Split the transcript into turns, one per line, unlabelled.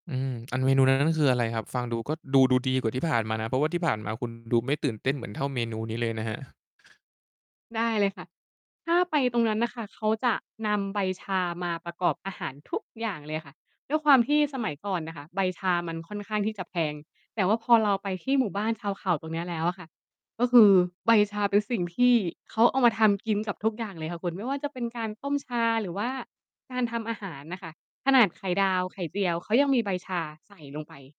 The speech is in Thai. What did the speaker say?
อืม อันเมนูนั้น นั้นคืออะไรครับ? ฟังดูก็ดู ดูดีกว่าที่ผ่านมานะ เพราะว่าที่ผ่านมา คุณดูไม่ตื่นเต้นเหมือนเท่าเมนูนี้เลยนะครับ
ได้เลยค่ะ ถ้าไปตรงนั้นน่ะค่ะ เขาจะนำใบชามาประกอบอาหารทุกอย่างเลยค่ะ ด้วยความที่สมัยก่อนน่ะค่ะใบชามันค่อนข้างที่จะแพง แต่ว่าพอเราไปที่หมู่บ้านชาวเขาตรงเนี้ยแล้วอะค่ะ ก็คือใบชาเป็นสิ่งที่เขาเอามาทำกินกับทุกอย่างเลยค่ะคุณ ไม่ว่าจะเป็นการต้มชา หรือว่าการทำอาหารน่ะค่ะ ขนาดไข่ดาว ไข่เจียว เขายังมีใบชาใส่ลงไป